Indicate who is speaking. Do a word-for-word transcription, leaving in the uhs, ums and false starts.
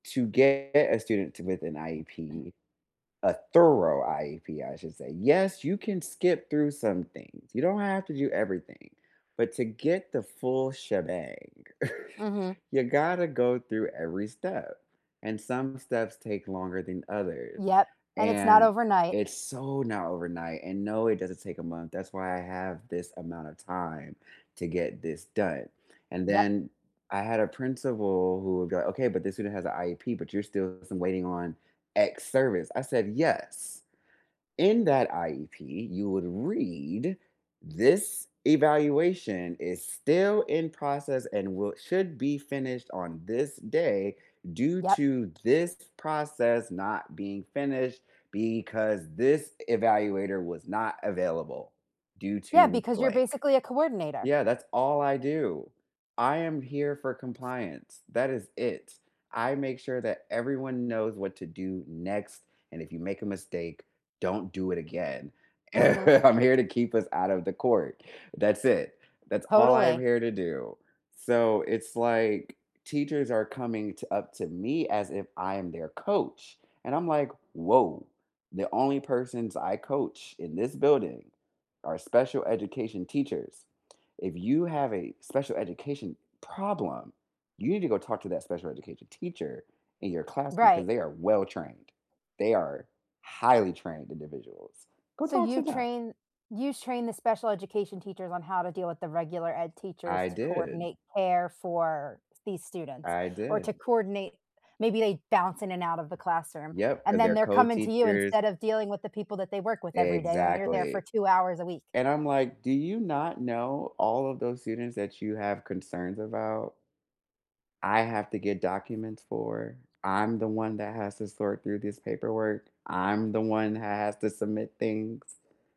Speaker 1: To get a student with an IEP, a thorough IEP, I should say, yes, you can skip through some things. You don't have to do everything, but to get the full shebang,
Speaker 2: Mhm.
Speaker 1: you gotta go through every step, and some steps take longer than others,
Speaker 2: Yep, and it's not
Speaker 1: and
Speaker 2: overnight.
Speaker 1: it's so not overnight and, no, it doesn't take a month, that's why I have this amount of time to get this done, and
Speaker 2: Yep.
Speaker 1: then I had a principal who would go, "Okay, but this student has a IEP but you're still waiting on X service." I said, "Yes, in that IEP, you would read this evaluation is still in process and will should be finished on this day due
Speaker 2: Yep.
Speaker 1: to this process not being finished because this evaluator was not available due
Speaker 2: Yeah,
Speaker 1: to
Speaker 2: because you're
Speaker 1: blank."
Speaker 2: basically a coordinator.
Speaker 1: Yeah. That's all I do. I am here for compliance. That is it. I make sure that everyone knows what to do next, and if you make a mistake, don't do it again.
Speaker 2: Mhm.
Speaker 1: I'm here to keep us out of the court. That's it. That's all I am
Speaker 2: Totally.
Speaker 1: here to do. So, it's like teachers are coming to up to me as if I am their coach and I'm, like, "Woah, the only persons I coach in this building are special education teachers. If you have a special education problem, you need to go talk to that special education teacher in your classroom 'cause
Speaker 2: Right.
Speaker 1: they are well trained. They are highly trained individuals. Go
Speaker 2: So,
Speaker 1: talk
Speaker 2: you
Speaker 1: to them."
Speaker 2: train you train the special education teachers on how to deal with the regular ed teachers
Speaker 1: I
Speaker 2: to
Speaker 1: did.
Speaker 2: coordinate care for these students
Speaker 1: I
Speaker 2: or to
Speaker 1: did.
Speaker 2: coordinate, maybe they bounce in and out of the classroom,
Speaker 1: Yep, 'cause
Speaker 2: and then
Speaker 1: they're
Speaker 2: they're coming to you
Speaker 1: co-teachers
Speaker 2: instead of dealing with the people that they work with every day when you're there
Speaker 1: Exactly,
Speaker 2: for two hours a week?
Speaker 1: and I'm like, "Do you not know all of those students that you have concerns about, I have to get documents for, I'm the one that has to sort through this paperwork, I'm the one who has to submit things?"